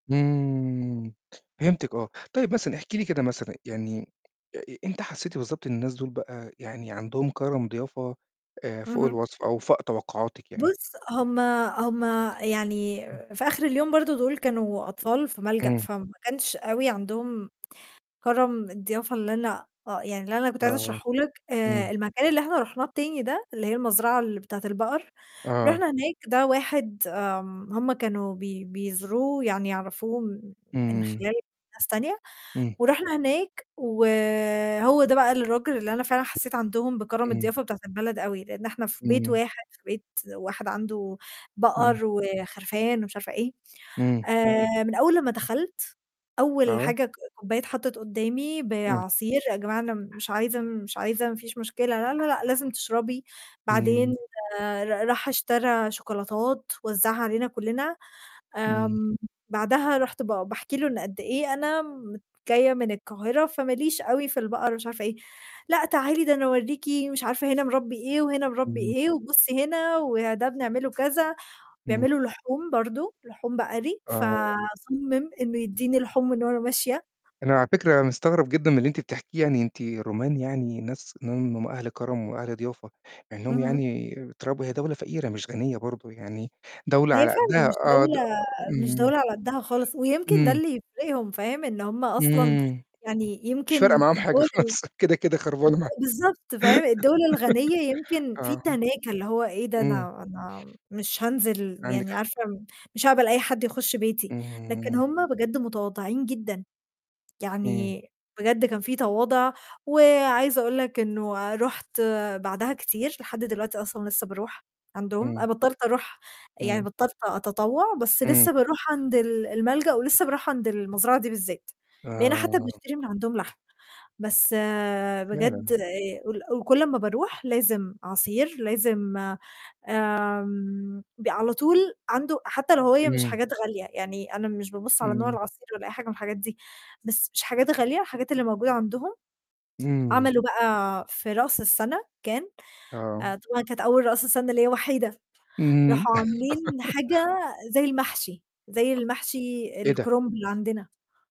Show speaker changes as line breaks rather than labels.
إمم، فهمتِك آه. طيب مثلًا احكي لي كده مثلًا يعني آآ إمتى حسّيتِ بالضبط إن الناس دُول بقى يعني عندهم كرم ضيافة آآ فوق
اهم.
الوصف أو فاق توقُّعاتِك يعني؟
بُص، هُم هُم يعني
امم.
في آخِر اليوم برضه دُول كانوا أطفال في ملجأ،
إمم.
فما كانش أوي عندهم كرم الضيافة اللي أنا آه، يعني اللي أنا كنت عايزة
آه،
أشرحه لك، آآ
إمم.
المكان اللي إحنا رُحناه التاني ده اللي هي المزرعة ال بتاعة البقر،
آه.
رُحنا هناك ده واحد آمم هم كانوا بي بيزوروه يعني يعرفوه م من
إمم.
خلال ناس تانية،
إمم.
ورُحنا هناك وهو ده بقى الراجل اللي أنا فعلًا حسّيت عندهم بكرم
إمم.
الضيافة بتاعة البلد أوي، لإن إحنا في بيت
إمم.
واحد في بيت واحد عنده بقر
إمم.
وخرفان ومش عارفة إيه،
إمم.
آآ من أول لمّا دخَلت، أول
آه.
حاجة ك كوباية اتحطّت قدّامي
إمم.
بعصير، "يا جماعة أنا مش عايزة مش عايزة، ما فيش مشكلة." "لا، لا، لأ، لازم تشربي." بعدين
إمم.
ر راح اشترى شوكولاتات وزّعها علينا كلّنا،
إمم.
آمم بعدها رُحت ب باحكي له إن قد إيه أنا م "جاية من القاهرة فما ليش أوي في البقر،" ومش عارفة إيه، "لأ تعالي ده أنا أوريكِ مش عارفة هنا مربي، إيه، وهنا مربي
إمم.
إيه، وبُصّي هنا وده بنعمله كذا."
إمم.
بيعملوا لحوم برضه، لحوم بقري،
آه.
فصمّم إنه يدّيني لحوم من وأنا ماشية.
أنا على فكرة مستغرّب جدًا من اللي أنتِ بتحكيه، يعني أنتِ رومانيا يعني ناس [unintelligible] أهل كرم وأهل ضيافة، مع إنّهم
اهم.
يعني تراب هي دولة فقيرة مش غنية برضه، يعني دولة
هي
على
فعلًا
قدّها
مش
آه، د
دولة مش
اهم.
دولة على قدّها خالص، ويمكن ده
إمم.
اللي يفرقهم، فاهم، إن هم أصلًا
إمم.
يعني
مش فارقة
يمكن
معاهم حاجة
الدولة ال
خالص، كده، كده خربانة معـاهم
اد بالضبط، فاهم؟ الدَول الغنية يمكن في
آه.
تناكة، اللي هو إيه ده
إمم.
أنا أنا مش هانزل
عندِك
يعني
حق.
عارفة م مش هاقبل أي حد يخُش بيتي، لكن
إمم.
هم بجد متواضعين جدًا،
إمم.
يعني بجد كان في تواضع وعايزة أقول لك إنه رُحت بعدها كتير، لحد دلوقتي أصلًا لسّه باروح عندهم،
إمم.
أنا بطّلت أروح يعني
إمم.
بطّلت أتطوّع، بس
إمم.
لسّه باروح عند ال الملجأ ولسّه باروح عند المزرعة دي بالذات، بقينا حتّى
آه.
بنشتري من عندهم لحمة، بس بجد
فعلًا.
آآ ال كل أمّا باروح لازم عصير، لازم آمم ب على طول عنده حتّى لو هي مش
إمم.
حاجات غالية، يعني أنا مش بابُص على نوع
إمم.
العصير ولا أي حاجة من الحاجات دي، بس مش حاجات غالية، الحاجات اللي موجودة عندهم،
إمم.
عملوا بقى في رأس السَنة كان
آه.
آآ طبعًا كانت أول رأس سنة ليّا وحيدة،
اهم.
راحوا عاملين حاجة زَي المحشي، زَي المحشي
إيه ده؟
الكُرمب اللي عندنا.